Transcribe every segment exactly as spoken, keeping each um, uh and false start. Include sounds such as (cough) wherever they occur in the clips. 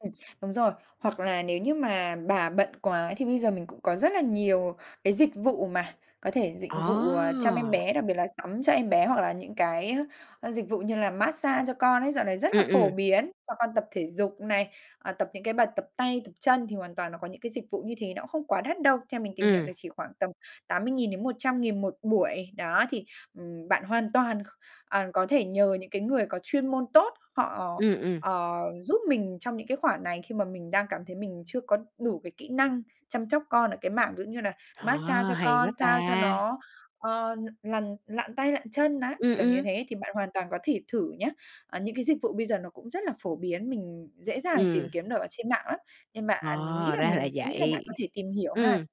Ừm, đúng rồi, hoặc là nếu như mà bà bận quá thì bây giờ mình cũng có rất là nhiều cái dịch vụ mà, có thể dịch vụ, à, chăm em À! bé, đặc biệt là tắm cho em bé. Hoặc là những cái, a, ơ, dịch vụ như là mát-xa cho con ấy, dạo này rất là Ừm, phổ ừm. biến, cho con tập thể dục này, à, tập những cái bài tập tay, tập chân thì hoàn toàn nó có những cái dịch vụ như thế, nó không quá đắt đâu, theo mình tìm hiểu Ừm. là chỉ khoảng tầm tám mươi nghìn đến một trăm nghìn một buổi. Đó, thì, ừm, bạn hoàn toàn, ờ, có thể nhờ những cái người có chuyên môn tốt, họ, Ừm, ừm. ờ, giúp mình trong những cái khoản này khi mà mình đang cảm thấy mình chưa có đủ cái kỹ năng chăm chóc con ở cái mảng, giống như là, À, mát-xa cho hay quá con, sao cho ta! nó, ờ, lằn lặn tay lặn chân ná, Ừm, kiểu như ừm. thế, thì bạn hoàn toàn có thể thử nhá. À, những cái dịch vụ bây giờ nó cũng rất là phổ biến, mình dễ dàng Ừm. tìm kiếm được ở trên mạng lắm, nên bạn nghĩ Ờ, là ra là mình cũng nghĩ là bạn vậy. có thể tìm hiểu ha. Ừm,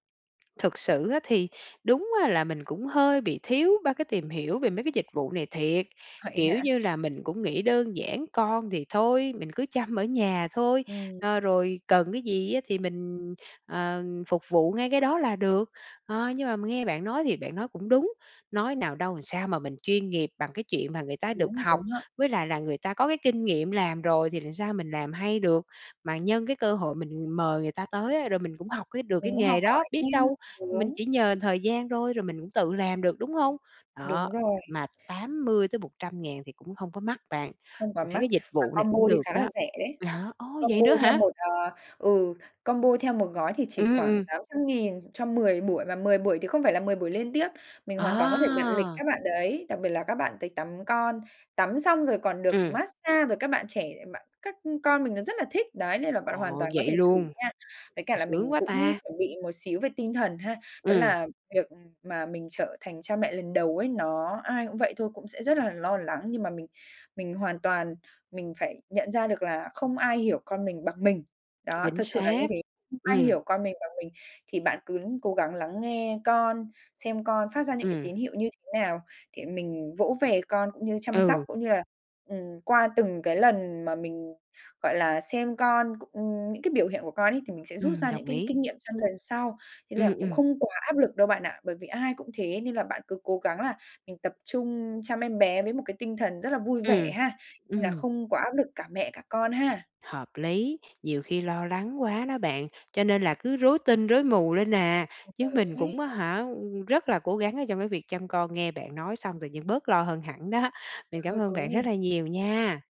thực sự á thì đúng á là mình cũng hơi bị thiếu ba cái tìm hiểu về mấy cái dịch vụ này thiệt, Vậy kiểu hả? như là, mình cũng nghĩ đơn giản con thì thôi, mình cứ chăm ở nhà thôi, Ừm. a, rồi cần cái gì á thì mình, ờ, phục vụ ngay cái đó là được. Ờ, nhưng mà m nghe bạn nói thì bạn nói cũng đúng, nói nào đâu làm sao mà mình chuyên nghiệp bằng cái chuyện mà người ta được Đúng, học, đúng ha. với lại là người ta có cái kinh nghiệm làm rồi thì làm sao mình làm hay được. Mà nhân cái cơ hội mình mời người ta tới á rồi mình cũng học cái được Mình cái cũng học nghề đó, hỏi biết đâu, theo, mình (unintelligible) chỉ nhờ thời gian thôi rồi mình cũng tự làm được, đúng hông? Đó, Đúng rồi. mà tám mươi tới một trăm ngàn thì cũng hông có mắc bạn, Không quá mình thấy mắc, cái dịch mà vụ này combo cũng thì được khá là đó. rẻ đấy, Vậy hả? Ồ, vậy combo nữa theo hả? một, à ừ, combo theo một gói thì chỉ Ưm, khoảng ừm. tám trăm ngàn cho mười buổi, và mười buổi thì không phải là mười buổi liên tiếp. Mình hoàn toàn có thể đặt lịch Ờ! các bạn đấy, đặc biệt là các bạn tới tắm con, tắm xong rồi còn được Ừm. mát-xa rồi các bạn trẻ lại bạn các, ưm, con mình nó rất là thích, đấy, nên là bạn hoàn Ồ, toàn có vậy thể thử luôn, nha. Với cả ồ, là sướng mình quá cũng ta. chuẩn bị một xíu về tinh thần ha, đó Ừm. là việc, ừm, mà mình trở thành cha mẹ lần đầu ấy, nó ai cũng vậy thôi, cũng sẽ rất là lo lắng, nhưng mà mình mình hoàn toàn mình phải nhận ra được là không ai hiểu con mình bằng mình. Đó, Chính thật sự là như xác, thế, (unintelligible) ai ừm. hiểu con mình bằng mình, thì bạn cướn cố gắng lắng nghe con, xem con phát ra những cái Ừm. tín hiệu như thế nào để mình vỗ về con cũng như chăm sóc, Ừ. cũng như là, ừm, qua từng cái lần mà mình, gọi là, xem con cụng những cái biểu hiện của con ấy thì mình sẽ rút Ừm, ra những đồng kinh ý. kinh nghiệm chăm lần sau. Thế là Ừm, cũng ừm. không quá áp lực đâu bạn ạ, bởi vì ai cũng thế nên là bạn cứ cố gắng là mình tập trung chăm em bé với một cái tinh thần rất là vui vẻ Ừm, ha, nên là ừm. không có áp lực cả mẹ cả con ha. Hợp lý, nhiều khi lo lắng quá đó bạn, cho nên là cứ rối tinh rối mù lên à, chứ (unintelligible) mình cũng á ấy. hả, ừm, rất là cố gắng ở trong cái việc chăm con. Nghe bạn nói xong tự nhiên bớt lo hơn hẳn đó, bạn Bạn cảm ơi ơn cố bạn rất lên. là nhiều nha.